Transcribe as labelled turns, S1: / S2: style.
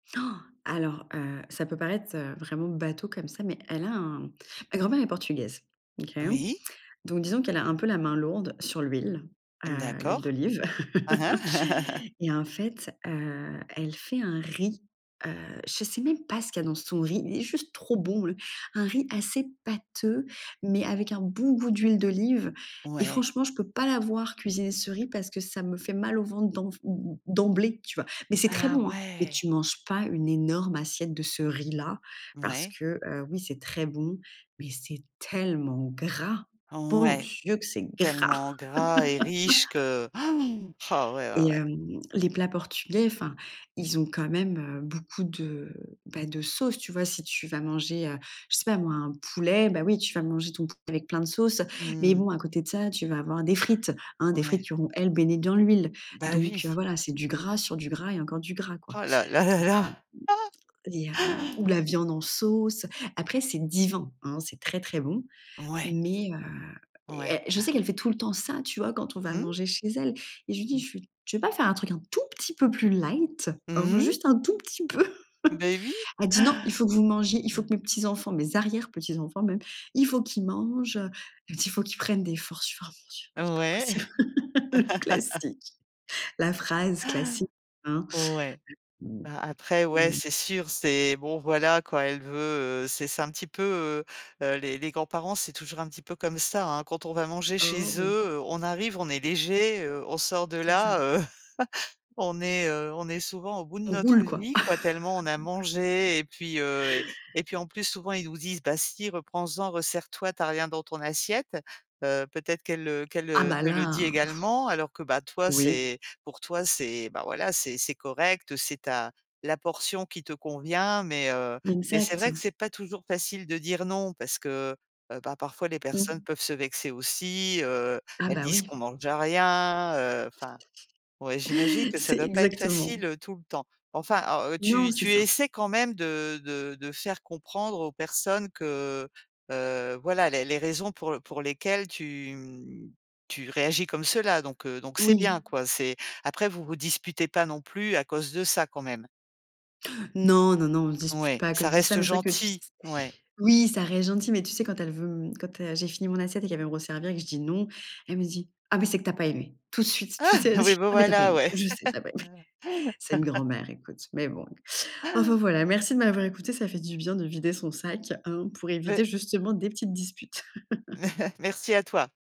S1: Alors heu, ça peut paraître, heu, vraiment bateau comme ça, mais elle a un ma grand-mère est portugaise, OK?
S2: Oui.
S1: Donc disons qu'elle a un peu la main lourde sur l'huile, heu, l'huile
S2: D'accord.
S1: d'olive
S2: Aha.
S1: et en fait, heu, elle fait un riz, heu, je sais même pas ce qu'il y dans son riz, il est juste trop bon, heu! Un riz assez pâteux, mais avec un bon goût d'huile d'olive. Et
S2: Ouais.
S1: franchement, je peux pas la voir cuisiner ce riz parce que ça me fait mal au ventre d'emv em em d'emblée, tu vois? Mais c'est très
S2: Ah,
S1: bon, hein! Mais
S2: ouais.
S1: tu manges pas une énorme assiette de ce riz là, parce
S2: Mouais.
S1: que, heu, oui c'est très bon, mais c'est tellement gras. Bon
S2: Ouais.
S1: Dieu que c'est gras!
S2: Tellement gras et riche que oh, ouais,
S1: Et
S2: ouais, ouais.
S1: hem, les plats portugais enfin, ils ont quand même, heu, beaucoup de, bah de sauce, tu vois? Si tu vas manger, heu, je sais pas moi un poulet, bah, oui tu vas manger ton poulet avec plein de sauce. Mais
S2: Mmh.
S1: bon à côté de ça, tu vas avoir des frites, hein, des frites
S2: Ouais.
S1: qui vont, elles, baigner dans l'huile.
S2: Bah,
S1: Donc heu,
S2: oui.
S1: voilà c'est du gras, sur du gras et encore du gras, quoi.
S2: Oh là là là
S1: Donc heu
S2: là.
S1: et hem ou la viande en sauce. Après, c'est divin, hein, c'est très, très bon
S2: Ouais.
S1: mais heu
S2: Ouais.
S1: et je sais
S2: Bah.
S1: qu'elle fait tout le temps ça, tu vois? Quand on va
S2: Mmh.
S1: manger chez elle, et je lui dis:
S2: [unintelligible]
S1: «Je suis tu veux pas faire un truc un tout petit peu plus light, hein?
S2: Mmh
S1: Juste un tout petit peu?».
S2: mh. Beh oui.
S1: Elle dit: «Non! Il faut que vous mangiez, il faut que
S2: [unintelligible]
S1: mes petits enfants, mes arrières petits enfants même, il faut qu'ils mangent» heu, elle me dit: «Il faut qu'ils prennent des forces» je fais: «Oh mon dieu! C'est
S2: Ouais.
S1: pas possible». Classique, la phrase classique, hein?
S2: Ouais. Ben après, ouais,
S1: [unintelligible]
S2: c'est sûr c'est bon voilà quoi, elle veut heu, c'est c'est un petit peu, heu heu, les les grands parents c'est toujours un petit peu comme ça, hein. Quand on va manger
S1: Oh
S2: chez eux,
S1: oui!
S2: heu, on arrive on est léger, heu, on sort de
S1: C'est ça.
S2: là, heu, on est, heu, on est souvent au bout de
S1: On roule
S2: notre
S1: quoi.
S2: vie quoi, tellement on a mangé. Et puis, heu, et puis en plus souvent ils nous disent: «Bah si reprends en, ressers toi, tu as rien dans ton assiette», heu, peut-être qu'elle, heu, qu'elle,
S1: Ah
S2: heu,
S1: bah
S2: te le dit
S1: là,
S2: également alors que, bah, toi
S1: Oui.
S2: c'est pour toi c'est, bah, voilà, c'est c'est correct, heu, c'est ta la portion qui te convient mais heu et c'est
S1: Exact.
S2: vrai que c'est pas toujours facile de dire: «Non», parce que, heu, bah, parfois les personnes
S1: Mmh.
S2: peuvent se vexer aussi, heu,
S1: Ah
S2: elles
S1: bah,
S2: disent qu'on
S1: oui.
S2: mange rien, heu, enfin ouais, j'imagine que ça
S1: C'est
S2: doit pas être
S1: exactement.
S2: facile, heu, tout le temps. Enfin à heu,
S1: Non,
S2: tu
S1: c'est
S2: tu
S1: ça.
S2: essaies quand même de de de faire comprendre aux personnes que, heu, voilà, les les raisons pour pour lesquelles tu, hem, tu réagis comme cela donc heu, donc c'est bien,
S1: Oui.
S2: quoi. C'est après vous vous disputez pas non plus à cause de ça quand même?
S1: Non, non, non, on se dispute
S2: Ouais,
S1: pas à
S2: ça
S1: cause de ça,
S2: reste
S1: mais c'est vrai que tu s
S2: gentil? Ouais.
S1: oui, ça reste gentil. Mais tu sais, quand elle veut m quand, heu, j'ai fini mon assiette et qu'elle veut me resservir et que je dis: «Non» elle me dit: «Ah bah, c'est que tu as pas aimé!» Tout de suite, tu
S2: Ah!
S1: sais? Elle va dire:
S2: Oui bah,
S1: «Ah bah, tu as pas
S2: voilà,
S1: aimé!
S2: ouais.
S1: Je sais que tu as pas aimé!» C'est une grand-mère écoute, mais bon. Enfin voilà, merci de m'avoir écoutée. Ça fait du bien de vider son sac, hein, pour éviter
S2: Mais
S1: justement des petites disputes.
S2: Merci à toi.